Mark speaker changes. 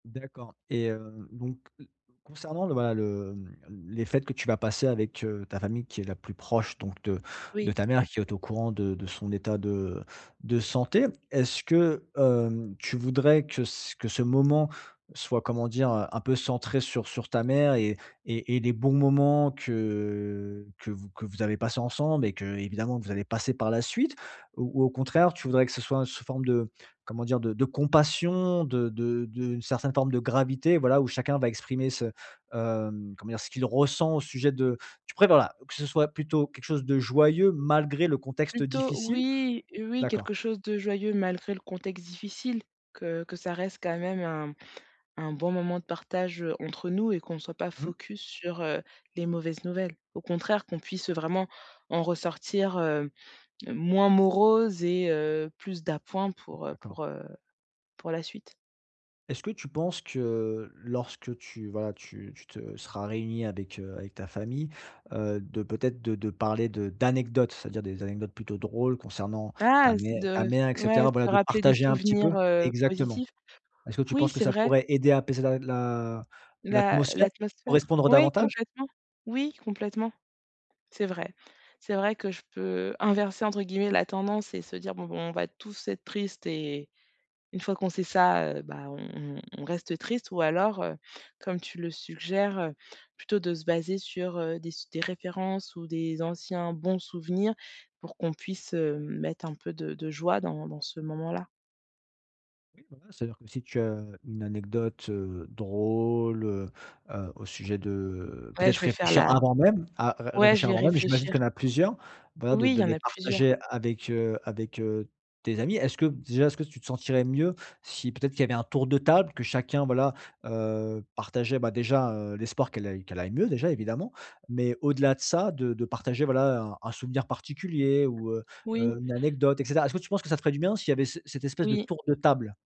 Speaker 1: D'accord et heu, donc, heu, concernant le voilà, le, hem, mmh les fêtes que tu vas passer avec, heu, ta famille qui est la plus proche donc de de
Speaker 2: Oui.
Speaker 1: ta mère qui est au courant de de son état de de santé, est-ce que, hem, tu voudrais que c que ce moment soit, comment dire? Heu, un peu centré sur sur ta mère et et et les bons moments que que vous que vous avez passés ensemble et qu'évidemment vous allez passer par la suite? Ou ou, au contraire, tu voudrais que ce soit sous forme de, comment dire? De de compassion, de de d'une certaine forme de gravité, voilà, où chacun va exprimer ce, hem, comment dire? Ce qu'il ressent au sujet de tu préfères, voilà, que ce soit plutôt quelque chose de joyeux malgré le contexte
Speaker 2: Plutôt
Speaker 1: difficile?
Speaker 2: oui, heu, oui,
Speaker 1: D'accord.
Speaker 2: quelque chose de joyeux malgré le contexte difficile, que que ça reste quand même un un bon moment de partage, heu, entre nous et qu'on soit pas
Speaker 1: Mmh.
Speaker 2: focus su,r heu, les mauvaises nouvelles. Au contraire, qu'on puisse vraiment en ressortir, heu, moins moroses et heu, plus d'appoint
Speaker 1: Mmh
Speaker 2: pour, heu,
Speaker 1: d'accord.
Speaker 2: pour, heu, pour la suite.
Speaker 1: Est-ce que tu penses que lorsque tu voilà, tu tu te seras réunie avec, heu, avec ta famille, heu, de peut-être de de parler de d'anecdotes, c'est-à-dire des anecdotes plutôt drôles concernant
Speaker 2: Ah,
Speaker 1: ta
Speaker 2: se
Speaker 1: mère ta
Speaker 2: de
Speaker 1: mère et
Speaker 2: ouais,
Speaker 1: cetera, voilà
Speaker 2: se
Speaker 1: de
Speaker 2: rappeler des
Speaker 1: partager un petit peu
Speaker 2: souvenirs, heu,
Speaker 1: exactement.
Speaker 2: positifs.
Speaker 1: Est-ce que tu
Speaker 2: Oui,
Speaker 1: penses que
Speaker 2: c'est
Speaker 1: ça
Speaker 2: vrai.
Speaker 1: pourrait aider à apaiser l'a l'a
Speaker 2: L'a
Speaker 1: l'atmosphère,
Speaker 2: l'atmosphère
Speaker 1: correspondre
Speaker 2: oui
Speaker 1: davantage?
Speaker 2: complètement. Oui complètement. C'est vrai. C'est vrai que je peux inverser entre guillemets «la tendance» et se dire: «Bon bon on va tous être tristes» et une fois qu'on sait ça, heu, bah on on on reste tristes ou alors, heu, comme tu le suggères, heu, plutôt de se baser sur, heu, des su des références ou des anciens bons souvenirs pour qu'on puisse, hem, mettre un peu de de joie dans dans ce moment-là.
Speaker 1: Oui, voilà, c'est-à-dire que si tu as, heu, une anecdote, heu, drôle, heu heu au sujet de
Speaker 2: Ouais
Speaker 1: peut-être
Speaker 2: je vais faire
Speaker 1: réfléchir
Speaker 2: la
Speaker 1: avant même, à à
Speaker 2: ouais je
Speaker 1: réfléchir
Speaker 2: vais
Speaker 1: avant même. J'imagine
Speaker 2: réfléchir.
Speaker 1: qu'il y en a plusieurs, voilà de
Speaker 2: Oui il
Speaker 1: de
Speaker 2: y en
Speaker 1: les
Speaker 2: a plusieurs.
Speaker 1: partager avec heu, avec heu, tes amis. Est-ce que, déjà, est-ce que tu te sentirais mieux si peut-être qu'il y avait un tour de table, que chacun voilà, heu, partageait, bah, déjà, heu, l'espoir qu'elle aille qu'elle aille mieux déjà évidemment, mais au-delà de ça de de partager, voilà, un un souvenir particulier ou, heu
Speaker 2: Oui.
Speaker 1: heu, une anecdote et cetera? Est-ce que tu penses que ça ferait du bien s'il y avait ce cet espèce de
Speaker 2: Oui.
Speaker 1: tour de table?